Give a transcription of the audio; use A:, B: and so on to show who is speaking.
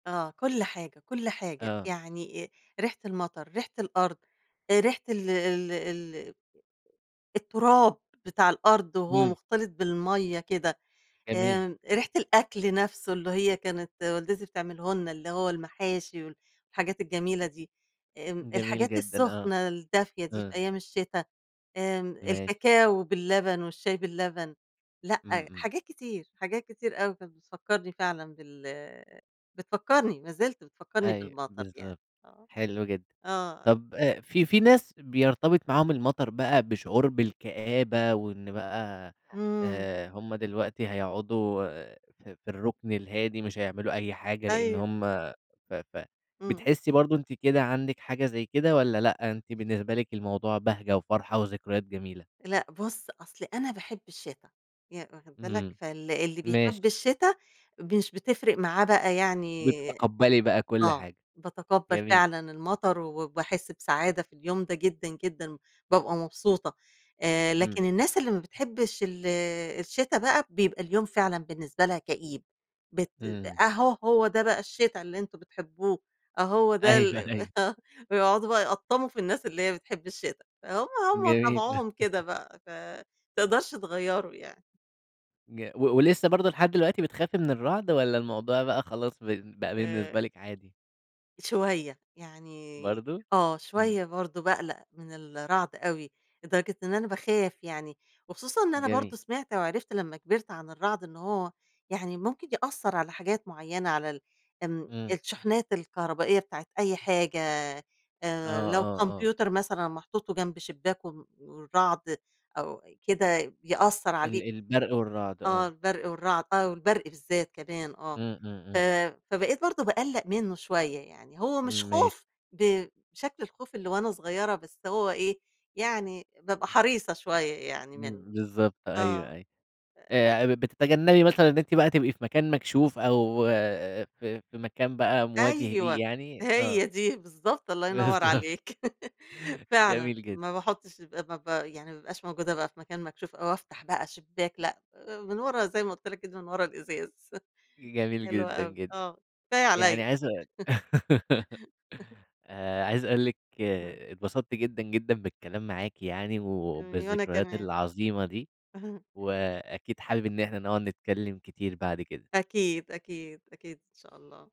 A: آه كل حاجة، كل حاجة
B: آه.
A: يعني أ ريحة المطر، ريحة الأرض، آآ ريحة ال ال ال التراب بتاع الأرض وهو
B: إمم.
A: مختلط بالمَيَّة كده،
B: جميل.
A: آآ ريحة الأكل نفسه اللي هي كانت والدتي بتعمله لنا اللي هو المحاشي، والحاجات الجميلة دي، آآ
B: جميل
A: الحاجات
B: جدًا آه
A: السخنة الدافية دي في
B: آه.
A: أيام الشتا، آمم
B: ماشي.
A: الكاكاو باللبن، والشاي باللبن.
B: إمم
A: لأ
B: إمم.
A: حاجات كتير، حاجات كتير أوي كانت بتفكرني فعلًا بال بتفكرني، ما زِلت بتفكرني
B: أيوه
A: بالمطر يعني
B: بالضبط
A: آه
B: حلو جدًا،
A: آه.
B: طب آآ في في ناس بيرتبط معاهم المطر بقى بشعور بالكآبة، وإن بقى
A: إمم.
B: آآ هُم دلوقتي هيقعدوا ف في الركن الهادي، مش هيعملوا أي حاجة لأن
A: أيوه.
B: هُم ف
A: إمم.
B: فبتحسي برضه أنتِ كده عندِك حاجة زي كده، والّا لأ أنتِ بالنسبة لِك الموضوع بهجة وفرحة وذكريات جميلة؟
A: لأ بُص أصل أنا باحب الشِتا ي واخد بالك؟
B: إمم
A: فال اللي بيحب
B: ماشي.
A: الشِتا مش بتفرق معاه بقى يعني
B: بتتقبلي بقى كل
A: آه
B: حاجة.
A: باتقبّل
B: جميل.
A: فعلًا المطر، وباحس بسعادة في اليوم ده جدًا، جدًا بابقى مبسوطة. آآ
B: إمم.
A: لكن الناس اللي ما بتحبش ال الشِتا بقى، بيبقى اليوم فعلًا بالنسبة لها كئيب بت
B: إمم.
A: أهو هو ده بقى الشِتا اللي أنتم بتحبوه، آه هو ده ال
B: أيوه أيوه.
A: آه ويقعدوا بقى يقطّموا في الناس اللي هي بتحب الشِتا هم هم
B: جميل.
A: طبعُهم كده بقى ف تقدرش تغيره يعني.
B: ج و
A: [unintelligible]
B: ولسه برضه لحد دلوقتي بتخافي من الرعد، والّا الموضوع بقى خلاص ب بقى بالنسبة
A: آآ
B: لِك عادي؟
A: شوية، يعني
B: برضه؟
A: آه
B: إمم.
A: شوية برضه باقلق من الرعد أوي لدرجة إن أنا باخاف يعني، وخصوصًا إن أنا
B: جميل.
A: برضه سمعت وعرفت لما كبرت عن الرعد إن هو يعني ممكن يأثر على حاجات معينة على ال آمم
B: إمم.
A: الشحنات الكهربائية بتاعة أي حاجة
B: آه،
A: آآ لو
B: آه، آه.
A: كمبيوتر مثلًا محطوط، وجنب شباك، وم والرعد أو كده بيأثر
B: ال
A: عليه.
B: البرق والرعد
A: آه
B: آه.
A: البرق والرعد آه والبرق بالذات كمان آه
B: إمم إمم
A: ف
B: إمم.
A: فبقيت برضه باقلّق منه شوية يعني، هو مش
B: ماشي.
A: خوف بشكل الخوف اللي وأنا صغيرة بس هو إيه يعني بابقى حريصة شوية يعني منه.
B: م بالضبط أيوه
A: آه
B: أيوه.
A: ف
B: آآ بتتجنبي مثلًا إن أنتِ بقى تبقي في مكان مكشوف أو في في مكان بقى مواجه ليه
A: أيوه
B: يعني آه.
A: هي دي بالضبط الله ينور
B: بالضبط.
A: عليك. فعلًا
B: جميل جدًا.
A: ما باحُطش ب ما ب يعني ما ابقاش موجودة بقى في مكان مكشوف، أو افتح بقى شباك لأ من ورا زي ما قُلت لك كده من ورا الإزاز.
B: جميل
A: حلوة
B: جدًا
A: أوي
B: جدًا.
A: آه كفاية عليَّ.
B: يعني عايز أ آآ عايز اقول لِك
A: إمم.
B: اتبسطت جدًا جدًا بالكلام معاكِ يعني،
A: [unintelligible] وأنا
B: وبالذكريات
A: كمان.
B: العظيمة دي، وأكيد حابب إن إحنا نقعد نتكلّم كتير بعد كده.
A: أكيد، أكيد، أكيد إن شاء الله.